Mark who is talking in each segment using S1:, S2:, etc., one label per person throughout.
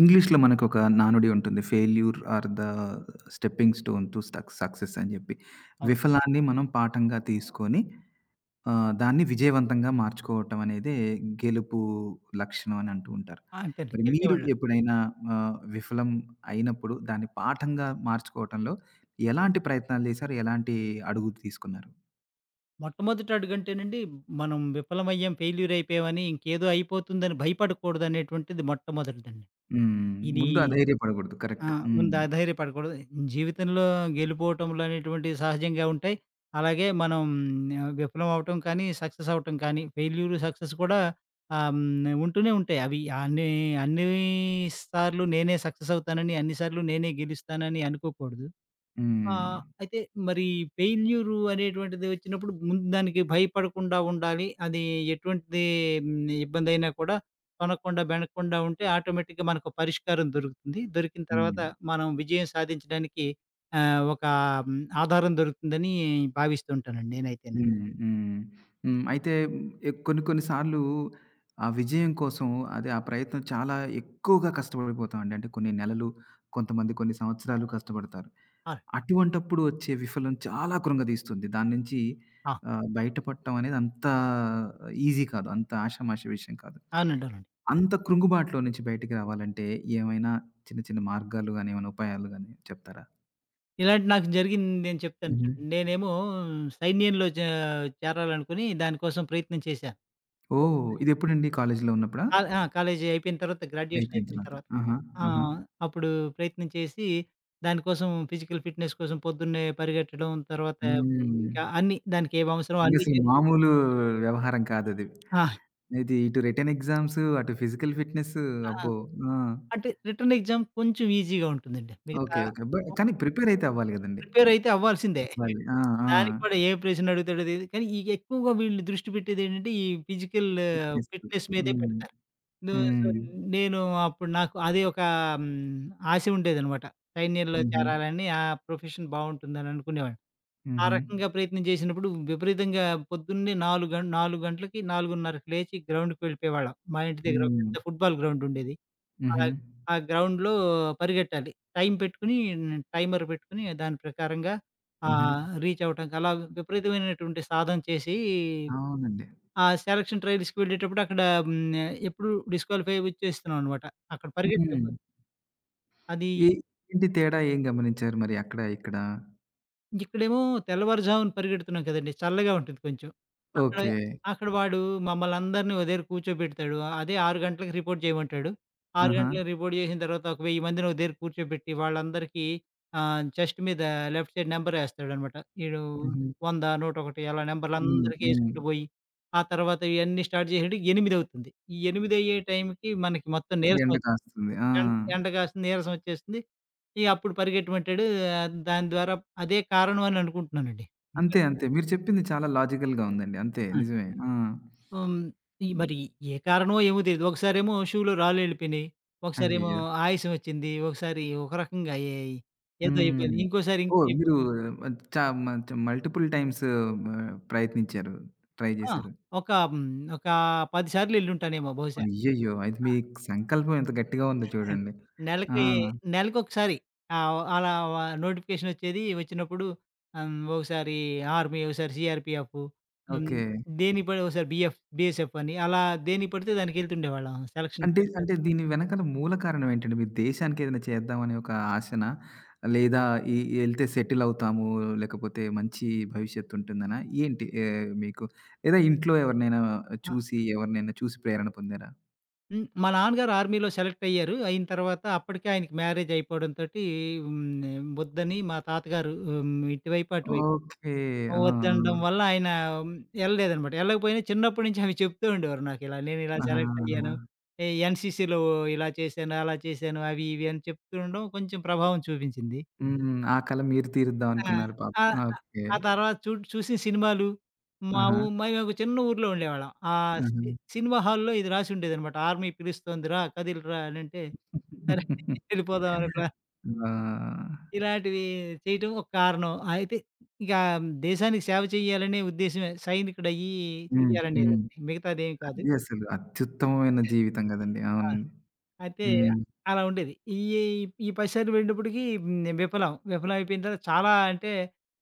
S1: ఇంగ్లీష్‌లో మనకు ఒక నానుడి ఉంటుంది, failure are the stepping stone to సక్ సక్సెస్ అని జెప్పి.
S2: అవును.
S1: విఫలాన్ని మనం పాఠంగా తీసుకొని ఆహ్, దాన్ని విజయవంతంగా మార్చుకోవటం అనేదే గెలుపు లక్షణం అని అంటూ ఉంటారు.
S2: ఆ! అంతే అండి.
S1: మరి మీరు
S2: గెలిచేవాళ్ళం.
S1: ఎప్పుడైనా ఆహ్, విఫలం అయినప్పుడు దాన్ని పాఠంగా మార్చుకోవటంలో, ఎలాంటి ప్రయత్నాలు జేసారు? ఎలాంటి అడుగులు తీసుకున్నారు?
S2: మొట్టమొదటడుగంటే నండి, మనం విఫలమయ్యాం ఫెయిల్యూరయిపోయాం అని, ఇంకేదో అయిపోతుందని భయపడకూడదు అనేటువంటిది మొట్టమొదటిదండి.
S1: హ్మ్.
S2: ఇది
S1: ముందు అధైర్యపడకూడదు
S2: ఆ!
S1: కరెక్టు. హ్మ్.
S2: ముందు అధైర్యపడకూడదు. జీవితంలో గెలుపోటములు అనేటువంటివి సహజంగా ఉంటాయి. అలాగే మనం ఆహ్, విఫలం అవ్వటం కానీ, సక్సెసవ్వటం కానీ, ఫెయిల్యూరు సక్సెస్ కూడా ఆహ్, హ్మ్ ఉంటూనే ఉంటాయి. అవి అన్ని అన్ని సార్లు నేనే సక్సెసవుతానని, అన్ని సార్లు నేనే గెలుస్తానని అనుకోకూడదు. ఆహ్,
S1: హ్మ్.
S2: అయితే మరి ఫెయిల్యూరు అనేటువంటిది వచ్చినప్పుడు ముందు దానికి భయపడకుండా ఉండాలి. అది ఎటువంటీ ఇబ్బందయినా కూడా తొనకుండా, బెనకుండా ఉంటే ఆటోమేటిక్‌గా మనకు పరిష్కారం దొరుకుతుంది. దొరికిన తర్వాత
S1: హ్మ్.
S2: మనం విజయం సాధించడానికి ఆహ్, ఒక ఆధారం దొరుకుతుందని భావిస్తుంటానండి నేనైతేని.
S1: హ్మ్, హ్మ్. హ్మ్. అయితే ఎ కొన్ని, కొన్ని సార్లు ఆ విజయం కోసం, అదే ఆ ప్రయత్నం చాలా ఎక్కువగా కష్టపడిపోతామండి. అంటే కొన్ని నెలలు, కొంతమంది కొన్ని సంవత్సరాలు కష్టపడతారు.
S2: ఆ!
S1: అటువంటప్పుడు వచ్చే విఫలం చాలా కృంగదీస్తుంది. దాని నుంచి
S2: ఆ!
S1: ఆహ్, బయటపడటం అనేది అంతా ఈజీ కాదు. అంత ఆషామాషీ విషయం కాదు.
S2: అవునండి, అవునండి.
S1: అంత కృంగుబాటులో నుంచి బయటికి రావాలంటే ఏమైనా చిన్న, చిన్న మార్గాలు గాని, ఏమైనా ఉపాయాలు గాని చెప్తారా?
S2: ఇలాంటివి నాకు జరిగింది నేను చెప్తాను
S1: హుహు.
S2: చూడుండి. నేనేమో సైన్యంలో చే చేరాలి అనుకుని. దానికోసం ప్రయత్నం చేశా.
S1: ఓహ్!
S2: చేస్తే
S1: ఇది ఎప్పుడండి కాలేజిలో ఉన్నప్పుడా?
S2: క ఆ! కాలేజీ అయిపోయిన తర్వాత
S1: అయిపోయింది
S2: గ్రాడ్యుయేషనయిపోయిన
S1: తరవాత.
S2: తర్వాత.
S1: ఆహా! ఆహా!
S2: ఆహ్, అప్పుడు ప్రయత్నం చేసి, దానికోసం ఫిజికల్ ఫిట్‌నెస్ కోసం పొద్దున్నే పరిగెత్తడం, తర్వాత ఇంకా
S1: హ్మ్.
S2: అన్నీ దానికి ఏమి అవసరమో
S1: ఇంకా
S2: అన్నీ
S1: అసలు
S2: చె
S1: మామూలు వ్యవహారం కాదది.
S2: ఆ!
S1: ఇది ఇటు రిటెన్ ఎగ్జామ్స్ అటు ఫిజికల్ ఫిట్‌నెస్సూ
S2: ఆ!
S1: అబ్బో! ఆ!
S2: అంటే రిటర్న్ ఎగ్జామ్ కొంచెం ఈజీగా ఉంటుందండి. మిగతా
S1: ఓకే. ఓకే. బట్
S2: ఆహ్
S1: కానీ ప్రిపేరరైయితే అవ్వాలి కదండీ!
S2: ప్రిపేరైయితే అవ్వాల్సిందే.
S1: అవ్వాలి. ఆ! ఆ!
S2: దానికి కూడా ఏ ప్రశ్న అడుగుతాడో తెలిదు. కానీ, ఈ ఎక్కువగా వీళ్ళని దృష్టి పెట్టేది ఏంటంటే, ఈ ఫిజికల్
S1: ఫిట్‌నెస్‌కు
S2: ఫిట్‌నెస్ మీదే
S1: హ్మ్.
S2: పెడతారు. న సో,
S1: హ్మ్.
S2: న్ నేను అప్పుడు నాకు అదే ఒకా హ్మ్, ఆశ ఉండేదనమాట. సైన్యంలో
S1: హుహు.
S2: చేరాలని, ఆ ప్రొఫెషన్ బాగుంటుందననుకునేవాడిని. ఆ
S1: హుహు.
S2: రకంగా ప్రయత్నం చేసినప్పుడు, విపరీతంగా పొద్దున్నే 4 గంట 4 గంటలకి 4.30కి లేచి గ్రౌండ్‌‌కి వేళ్ళిపోయేవాళ్ళం. మా ఇంటి దగ్గర
S1: హ్మ్.
S2: పెద్ద ఫుట్‌ బాల్ గ్రౌండుండేది.
S1: హుహు.
S2: ఆగ్ ఆ గ్రౌండ్‌లో పరిగెట్టాలి. టైం పెట్టుకొని టైమర్ పెట్టుకొని దాని ప్రకారంగా
S1: హుహు.
S2: ఆహ్, రీచ్చవ్వటానికలా, విపరీతమైనటువంటి సాధన చేసి,
S1: అవునండి.
S2: ఆ సెలక్షన్ ట్రైల్స్‌కి వెళ్ళేటప్పుడు అక్కడ హ్మ్, ఆహ్, ఎప్పుడు డిస్‌క్యాలిఫై ఒచ్చేస్తున్నాం అనమాట. అక్కడ పరిగెత్తే
S1: హుహు.
S2: అది
S1: ఈ ఏంటి తేడా ఏం గమనించారు మరి అక్కడ, ఇక్కడ?
S2: ఇక్కడేమో తెల్లవారుజామున పరిగెడుతున్నాం కదండీ. చల్లగా ఉంటుంది కొంచెం. అక్కడ,
S1: ఓకె.
S2: అక్కడ వాడు మమ్మల్నందరిని ఒక దగ్గర కూర్చోబెడతాడు అదే 6 గంటలకి రిపోర్ట్ చేయమంటాడు. 6
S1: ఆహా!
S2: గంటలకి రిపోర్ట్ చేసిన తర్వాత, ఒక 1000 మందిని ఒక దగ్గర కూర్చోబెట్టి, వాళ్ళందరికీ ఆహ్, చెస్ట్ మీద లెఫ్ట్ సైడ్ నెంబరెస్తాడనమాట. ఈడు
S1: హుహు.
S2: 100, 101 అలా
S1: హ్మ్.
S2: నెంబర్లందరికి
S1: హ్మ్.
S2: వేసుకుంటూ పోయి, ఆ తర్వాత ఇయన్నీ స్టార్ట్ చేసాడు, ఎనిమిదవుతుంది. ఈ ఎనిమిదయ్యే టైంకి మనకి మొత్తం నీరసం
S1: ఎండ
S2: వస్తుంది.
S1: కాస్తుంది. ఆ!
S2: ఎం ఎండ కాస్తుంది నీరసం వచ్చేస్తుంది. ఇగ అప్పుడు పరిగెత్తమంటాడు దాని ద్వారా అదే కారణం అని అనుకుంటున్నానండి. ఇంకా
S1: అంతే, అంతే. మీరు చెప్పింది చాలా లాజికల్‌గా ఉందండి. అంతే.
S2: ఆ!
S1: నిజమే. ఆ!
S2: హ్మ్. ఇ
S1: హ్మ్.
S2: మరి ఏ కారణమో ఏమో తెలీదు. ఒకసారేమో షూలో రాళ్లెళ్ళిపోయినాయి. ఒకసారేమో
S1: అయ్యయ్యో!
S2: ఆయాసం వచ్చింది. ఒకసారి ఒక రకంగా అయ్యాయి ఏదో
S1: హ్మ్.
S2: ఇబ్బంది, ఇంకోసారి ఇంకో
S1: ఓహ్!
S2: ఇబ్బంది.
S1: మీరు చ మంచి మల్టిపుల్ టైమ్సు మ ప్రయత్నించారు. ట్రై
S2: ఆ!
S1: జేశారు.
S2: ఒక. హ్మ్. ఒక 10 సార్లెళ్ళుంటానేమో బహుశా.
S1: అయ్యయ్యో! అయితే
S2: ఆ!
S1: మీ సంకల్పం ఎంత గట్టిగా ఉందో చూడండి. ఆ!
S2: నెలకి నెలకొకసారి. ఆవ్ అలా వా నోటిఫికేషనొచ్చేది వచ్చినప్పుడు ఆహ్, హ్మ్. ఒకసారి ఆర్మీ ఒకసారి సీఆర్‌పీఎఫ్ హ్మ్.
S1: ఓకె.
S2: దేనికి పడి ఒకసారి బీఎఫ్ బీఎస్ఎఫ్ అని అలా దేనికి పడితే దానికి వెళ్తుండేవాళ్ళం సెలక్షన్
S1: అంటే,
S2: పేరు చెప్పి.
S1: అంటే దీని వెనకాల మూల కారణం ఏంటండి? మీరు దేశానికి ఏదైనా చేద్దాం అనే ఒక ఆశనా? లేదా ఈ ఎళ్తే సెటిలవుతాము, లేకపోతే మంచి భవిష్యత్తుంటుందనా ఏంటి? ఏ మీకు లేదా ఇంట్లో ఎవరినైనా
S2: ఆ!
S1: చూసి ఎవరినైనా చూసి ప్రేరణ పొందారా?
S2: హ్మ్. మా నాన్న గారు ఆర్మీలో సెలెక్టయ్యారు. అయిన తరవాత అప్పడికే ఆయనకి మ్యారేజయిపోవడంతోటీ హ్మ్, ఆహ్, ఒద్దని మా తాత గారూ హ్మ్, ఇటువైపు, అటువైపు
S1: ఓకే. ఆ!
S2: ఒద్దనడం
S1: ఆ!
S2: వల్ల, ఆయనా యెళ్ళలేదనమాట. యెళ్ళకపోయినా చిన్నప్పుడు నుంచి అవి చెప్తూ ఉండేవారు నాకిలా, నేనిలా
S1: ఆహా! ఆహా!
S2: సెలెక్టయ్యాను ఎ ఎన్‌సీసీలో ఇలా చేశాను, అలా చేశాను, అవీ, ఇవీ అని చెప్తూండడం కొంచుం ప్రభావం చూపించింది.
S1: హ్మ్. ఆ కల మీరు
S2: ఆ!
S1: తీరుద్దావనుకున్నారు పాపం.
S2: ఆహ్, ఆహ్,
S1: ఓకే.
S2: ఆ తర్వాత చూట్ చూసిన సినిమాలు, మావు
S1: ఆహా!
S2: మయ్యొక చిన్న ఊరులో ఉండేవాళ్ళం. ఆహ్,
S1: హుహు.
S2: సి సినిమా హాల్‌లో ఇది రాసుండేదనమాట, ఆర్మీ పిలుస్తుంది రా, కదిలురా అనంటే, సరే వెళ్ళిపోదావనుకున్నా.
S1: అబ్బా!
S2: ఇలాంటివీ చెయటం ఒక కారణం. అయితే ఇగా దేశానికి సేవ చెయ్యాలనే ఉద్దేశమే, సైనికుడయ్యీ
S1: హ్మ్.
S2: చెయ్యాలనేదే,
S1: హ్మ్.
S2: మిగతాదేం కాదు.
S1: అది అసలు అత్యుత్తమమైన జీవితం గదండి.
S2: ఆ!
S1: అవును.
S2: అయితే,
S1: హ్మ్.
S2: అలా ఉండేది. ఇయ్యేయి ఈ 10 సార్లు పోయినటప్పుడికీ హ్మ్, నే విఫలం. విఫలవయిపోయిన తర్వాత చాలా అంటే,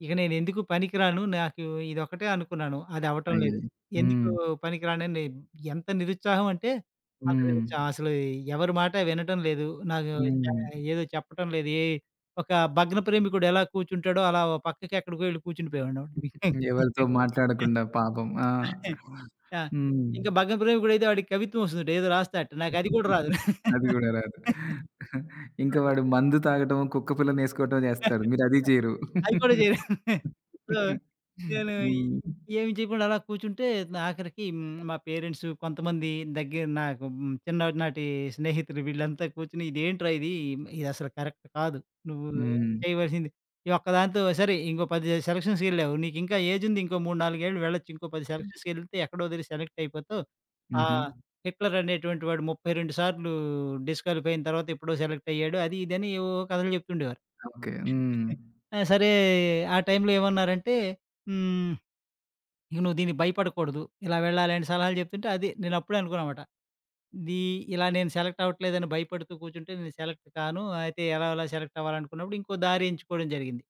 S2: ఇక నేనెందుకు పనికి రాను. నాకు ఇదొక్కటే అనుకున్నాను, అదవ్వటం
S1: అయ్యో!
S2: లేదు. ఎందుకూ
S1: హ్మ్.
S2: పనికి రానని ఎంత నిరుత్సాహవంటే అంత
S1: హ్మ్.
S2: నిరుత్సాహం. అసలూ ఎవరి మాట వినటం లేదు, నాకూ చ
S1: హ్మ్.
S2: ఏదో చెప్పటం లేదు, ఏ ఒక భగ్న ప్రేమికుడెలా కూర్చుంటాడో అలా ఓ పక్కకెక్కడికో యెళ్లి కూర్చుండిపోయేవాడిని.
S1: ఎవలితో మాట్లాడకుండా పాపం. ఆ!
S2: ఆ!
S1: హ్మ్.
S2: ఇంక భగ్న ప్రేమికుడయితే ఆడికి కవిత్వవొస్తదట, ఏదో రాస్తాడట. నాకది గూడా రాదు.
S1: అది గూడా రాదు. ఇంక
S2: వ
S1: వాడు మందు తాగటమో, కుక్కపిల్లనేసుకోటమో చేస్తారు, మీరదీ జెయరు.
S2: అది కూడా చేయ్ సో, నేనూ
S1: హ్మ్.
S2: ఈ ఏమి చెయకుండా అలా కూర్చుంటే, ఆఖరికీ హ్మ్. మా పేరెంట్స్, కొంతమందీ దగ్గర నాకు హ్మ్, చిన్ననాటీ స్నేహితులు, వీళ్ళంతా కూర్చుని, "ఇదేంట్రా ఇదీ, ఇదసలు కరక్ట్ కాదు. నువ్వూ
S1: హ్మ్.
S2: చెయవలసింది, ఈ ఒక్కదాంతో సరే ఇంకో 10 సెలక్షన్స్‌కెళ్ళావు, నీకింకా ఏజుంది, ఇంకో 3, 4 ఏళ్ళు వెళ్లచ్చు. ఇంకో 10 సెలక్షన్స్‌కెళ్తే ఎక్కడో దగ్గర సెలెక్టయిపోతావు. ఆహ్,
S1: హుహు.
S2: హిట్లరనేటువంటి వాడు 32 సార్లూ డిస్‌క్వాలిఫై అయిన తర్వాత ఎప్పుడో సెలెక్టయ్యాడు." అది, ఇది అని ఏవేవో కథలు జెప్తుండేవారు.
S1: ఓకే. హ్మ్.
S2: హ్మ్. ఆ! సరే, ఆ టైంలో ఏవన్నారంటే, హ్మ్, ఇగ నువ్వు దీనికి భయపడకూడదు, ఇలా వెళ్ళాలని సలహాలు జెప్తుంటే, అది. నేనప్పుడే అనుకున్నామాట, ఇదీ ఇలా నేను సెలెక్టవ్వట్లేదని భయపడుతూ కూర్చుంటే నేను సెలెక్ట్ కాను. అయితే, ఎలాగొలా సెలెక్టవ్వాలనుకున్నప్పుడు ఇంకో దారి ఎంచుకోడం జరిగింది.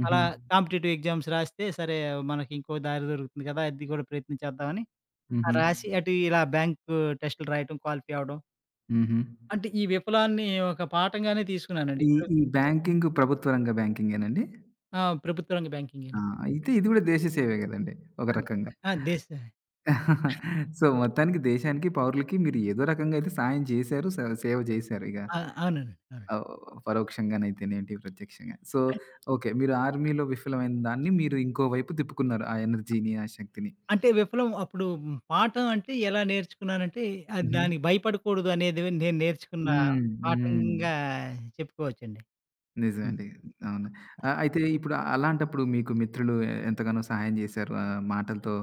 S1: హుహు.
S2: అలా కాంపిటిటివ్ ఎగ్జామ్స్ రాస్తే, సరే మనకింకో దారి దొరుకుతుంది గదా! అది గూడా ప్రయత్నం చేద్దామని ఆహ్,
S1: హుహు.
S2: రాసీ అటు ఇలా బ్యాంకూ టెస్టులు రాయటం, క్వాలిఫై అవ్వడం
S1: హుహు.
S2: అంటే, ఈ విఫలాన్ని ఒక పాఠంగానే తీసుకున్నానండి.
S1: ఈ
S2: ఇప్పుడు
S1: ఈ బ్యాంకింగు ప్రభుత్వరంగ బ్యాంకింగేనా అండి?
S2: ఆ! ప్రభుత్వ రంగ బ్యాంకింగే.
S1: ఆ! అయితే ఇది కూడా దేశ సేవే గదండీ! ఒక
S2: అన్
S1: రకంగా.
S2: ఆ! దేశ
S1: సో, మొత్తానికి దేశానికి, పౌరులకి మీరు ఏదో రకంగైయితే సాయం జేశారు, స సేవ జేశారు ఇగ.
S2: ఆ! అవునండి. అవునండి.
S1: ఆవ్ పరోక్షంగానైతేనేంటి, ప్రత్యక్షంగా సో
S2: అన్
S1: ఓకే, మీరు ఆర్మీలో విఫలమైన దాన్ని మీరు ఇంకో వైపు తిప్పుకున్నారు. ఆ ఎనర్జీని, ఆ శక్తిని.
S2: అంటే, విఫలం అప్పుడు పాఠం అంటే ఎలా నేర్చుకున్నానంటే, ఆ
S1: హుహు.
S2: దానికి భయపడకూడదు అనేది నేను నేర్చుకున్న
S1: హ్మ్. హ్మ్.
S2: పాఠంగా చెప్పుకోవచ్చండి.
S1: నిజమే
S2: హ్మ్.
S1: అండి. అవును. ఆహ్, అయితే ఇప్పుడు అలాంటప్పుడు మీకు మిత్రులు ఎంతగానో సహాయం చేశారు, ఆహ్, మాటలతో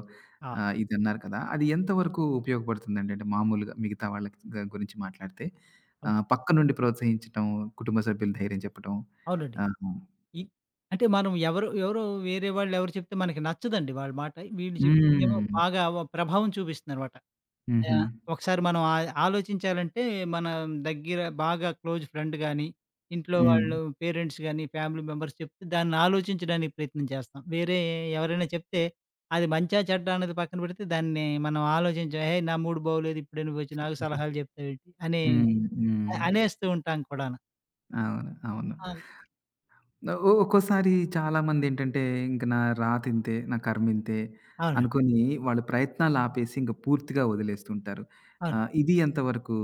S2: ఆ!
S1: ఆహ్, ఇదన్నారు కదా! అది ఎంతవరకు ఉపయోగపడుతుందండి? అంటే మామూలుగా మిగతా వాళ్ళ గ గురించి మాట్లాడితే
S2: అవ్
S1: ఆహ్, పక్కనుండి ప్రోత్సహించడం, కుటుంబ సభ్యుల ధైర్యం చెప్పటం
S2: అవునండి.
S1: ఆహ్
S2: ఈ అంటే మనం ఎవరు ఎవరో వేరే వాళ్ళెవరు చెప్తే మనకి నచ్చదండి వాళ్ళ మాట. వీళ్ళు చెప్పిందేమో
S1: హ్మ్.
S2: బాగా వ ప్రభావం చూపిస్తుందనమాట.
S1: హుహు.
S2: ఆహ్, ఒకసారి మనం ఆయ్ ఆలోచించాలంటే మన దగ్గర బాగా క్లోజ్ ఫ్రెండ్ గాని, ఇంట్లో వాళ్ళు
S1: హ్మ్.
S2: పేరెంట్స్ గాని, ఫ్యామిలీ మెంబర్స్ చెప్తే, దాన్ని ఆలోచించడానికి ప్రయత్నం చేస్తాం. వేరే ఎవరైనా చెప్తే అది మంచా, చెడ్డా అన్నది పక్కన పెడితే దాన్ని మనం ఆలోచించం. ఏయి! నా మూడ్ బాగోలేదు, ఇప్పుడే నువ్వొచ్చి నాకు సలహాలు జెప్తావేంటి, అనే
S1: హ్మ్. హ్మ్.
S2: అ అనేస్తూ ఉంటాం కూడాను
S1: అవును. అవును.
S2: అవును.
S1: నావు ఒ ఒక్కోసారి చాలా మందేంటంటే, ఇంక నా రాత ఇంతే, నా కర్మ ఇంతే
S2: అవునండి.
S1: అనుకోని, వాళ్ళు ప్రయత్నాలు ఆపేసి ఇంక పూర్తిగా వదిలేస్తుంటారు.
S2: అవును.
S1: ఆహ్, ఇది ఎంతవరకు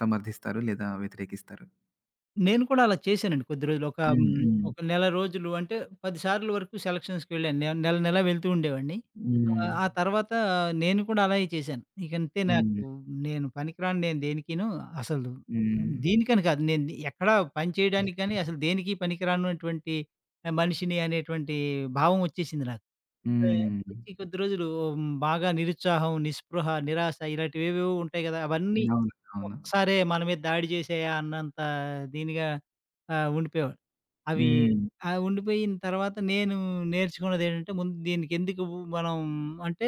S1: సమర్ధిస్తారు, లేదా వ్యతిరేకిస్తారు?
S2: నేను కూడా అలా చేశానండి. కొద్ది రోజులు ఒక
S1: హ్మ్.
S2: హ్మ్.
S1: హ్మ్.
S2: ఒక నెల రోజులు అంటే, పది సార్లు వరకు సెలక్షన్స్‌కి వెళ్ళాను. నె నెల, నెల వెళ్తూ ఉండేవాడిని.
S1: హ్మ్.
S2: ఆ తర్వాత నేను కూడా అలాగే చేశాను. ఇక అంటే నాకు,
S1: హ్మ్.
S2: నేను పనికి రాను నేను దేనికిను, అసలు
S1: హ్మ్.
S2: దీనికని కాదు. నేను ఎక్కడ పని చేయడానికి గానీ, అసలు దేనికి పనికిరానటువంటి మనిషిని అనేటువంటి భావం ఒచ్చేసింది నాకు. వె
S1: హ్మ్.
S2: కొద్ది కొద్ది రోజులు ఉమ్ బాగా నిరుత్సాహం, నిస్పృహ, నిరాశ, ఇలాంటివి ఏవేవో ఉంటాయి కదా! అవన్నీ
S1: అవునండి. అవును.
S2: ఒక్కసారే మన మీద దాడి చేసేయా అన్నంత దీనిగా ఆహ్, ఉండిపోయేవాడు. అవి
S1: హ్మ్.
S2: ఆహ్, ఉండిపోయిన తర్వాత నేను నేర్చుకున్నదేంటంటే, ముందు దీనికి ఎందుకు మనం అంటే,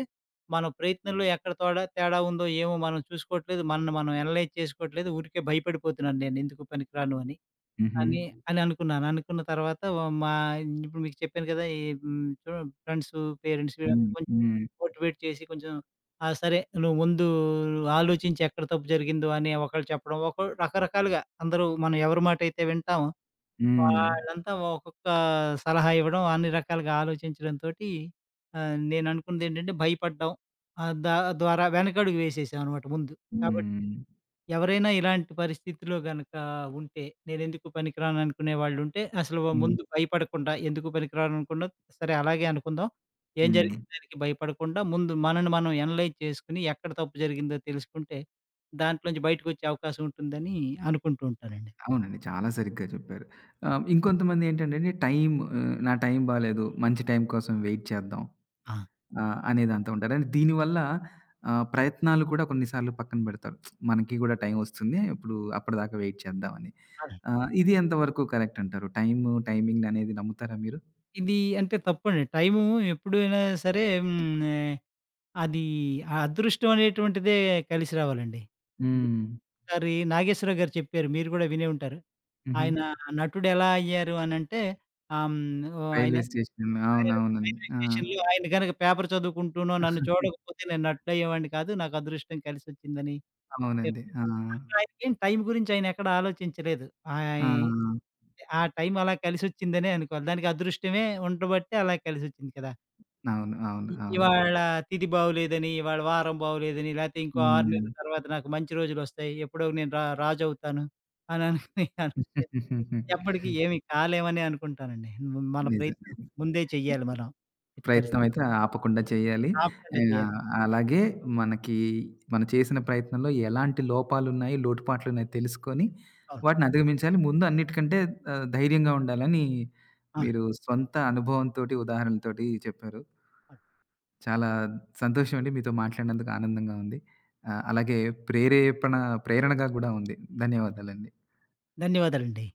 S2: మన ప్రయత్నంలో ఎక్కడ తోడా తేడా ఉందో ఏమో మనం చూసుకోవట్లేదు, మనల్ని మనం అనలైజ్ చేసుకోవట్లేదు, ఊరికే భయపడిపోతున్నాను నేను ఎందుకు పనికి రాను అని.
S1: హుహు.
S2: అని అననుకున్నాను అనుకున్న తర్వాత ఓ మా ఇప్పుడు మీకు చెప్పాను కదా ఈ హ్మ్, చు ఫ్రెండ్స్, పేరెంట్స్
S1: హ్మ్.
S2: కొంచం
S1: హ్మ్.
S2: మోటివేట్ చేసి కొంచెం, "ఆ! సరే నువ్వు ముందు ఆలోచించి ఎక్కడ తప్పు జరిగిందో" అని ఒకళ్ళు చెప్పడం. ఒకొల్ రకరకాలుగా అందరూ మనం ఎవరి మాటైతే వింటాం,
S1: హ్మ్.
S2: వాళ్ళంతా ఒక్కొక్క సలహా ఇవ్వడం, అన్ని రకాలుగా ఆలోచించడం తోటి ఆహ్, నేను అనుకున్నదేంటంటే భయపడ్డం ఆహ్, దా ద్వారా వెనకడుగు వేసేసామనమాట ముందు. కాబట్టి,
S1: హ్మ్.
S2: ఎవరైనా ఇలాంటి పరిస్థితిలో గనుక ఉంటే, నేనెందుకు పనికిరాను అనుకునే వాళ్ళుంటే, అసలు
S1: హ్మ్.
S2: ముందు భయపడకుండా ఎందుకు పనికిరాను అనకుండా, సరే అలాగే అనుకుందాం. ఏం
S1: హ్మ్.
S2: జరిగింది దానికి భయపడకుండా, ముందు మనల్ని మనం అనలైజ్ చేసుకొని, ఎక్కడ తప్పు జరిగిందో తెలుసుకుంటే, దాంట్లో నుంచి బయటికొచ్చే అవకాశం ఉంటుందని అనుకుంటూ ఉంటానండి.
S1: అవునండి. చాలా సరిగ్గా చెప్పారు. ఆహ్, ఇంకొంతమందేంటంటేండి టైము నా టైం బాలేదు. మంచి టైం కోసం వెయిట్ చేద్దాం.
S2: ఆ!
S1: ఆహ్, అనే దాంతో ఉంటారు. దీని వల్ల ఆహ్, ప్రయత్నాలు కూడా కొన్ని సార్లు పక్కన పెడతారు. మనకి కూడా టైం ఒస్తుంది ఇప్పుడు, అప్పటిదాకా వైట్ చేద్దాం అని.
S2: అలా.
S1: ఆహ్, ఇది ఎంతవరకు కరెక్ట్ అంటారు? టైము, టైమింగ్ అనేది నమ్ముతారా మీరు?
S2: ఇది అంటే తప్పండి. టైము ఎప్పుడైనా సరే హ్మ్. ఉమ్ ఆహ్, అది ఆ అదృష్టం అనేటువంటిదే కలిసి రావాలండి. హ్మ్.
S1: హ్మ్.
S2: ఒక సారి 'నాగేశ్వరరావుగారు' చెప్పారు, మీరు కూడా వినే ఉంటారు.
S1: హుహు.
S2: ఆయన నటుడెలా అయ్యారు అనంటే, ఆహ్, హ్మ్. ఓ ఆయన
S1: రైల్వే స్టేషన్.
S2: [unintelligible]
S1: అవునవును.
S2: రైల్వే
S1: ఆ!
S2: స్టేషనులో, "ఆయన కనుక పేపర్ చదువుకుంటూనో, నన్ను చూడకపోతే నేను నటుడు అయ్యేవాడిని కాదు, నాకు అదృష్టం కలిసొచ్చిందని చెప్"
S1: అవునండి. ఆ!
S2: అక్కడ ఆయనకేం టైం గురించి ఆయన ఎక్కడా ఆలోచించలేదు.
S1: ఆ!
S2: ఆయి ఆ టైం అలా కలిసొచ్చిందనే అనుకోవాలి. దానికి అదృష్టమే ఉండబట్టే అలా కలిసొచ్చింది కదా!
S1: అవును. అవును.
S2: ఇ
S1: అవును.
S2: ఇవాళ తిధి బాగాలేదని, ఇవాళ వారం బాగాలేదని, లాకపోతే ఇంకో 6
S1: హ్మ్.
S2: నెలల తర్వాత నాకు మంచి రోజులొస్తాయి. ఎప్పుడో నేను రా రాజు అవుతాను అని అనోకోనికన్ ఎప్పటికి, ఏమి కాలేమనే అనుకుంటానండి. మ మన
S1: నిజమే.
S2: ప్రయత్నం ముందే చెయ్యాలి మనం ఎట్టిపరిస్థితి.
S1: ప్రయత్నం అయితే ఆపకుండా చేయాలి,
S2: ఆపకుండా చెయ్యాలి.
S1: ఆహ్, అలాగే మనకి మనం చేసిన ప్రయత్నంలో ఎలాంటి లోపాలున్నాయి, లోటుపాట్లున్నాయి తెలుసుకొని,
S2: అవును.
S1: వాటిని అధిగమించాలి. ముందు అన్నిటికంటే ఆహ్, ధైర్యంగా ఉండాలని
S2: అవును.
S1: మీరు సొంత అనుభవం తోటి, ఉదాహరణలతోటి చెప్పారు. చాలా సంతోషమండి. మీతో మాట్లాడినందుకు ఆనందంగా ఉంది. ఆహ్, అలాగే ప్రేరేపణ, ప్రేరణగా కూడా ఉంది. ధన్యవాదాలండి.
S2: ధన్యవాదాలండి.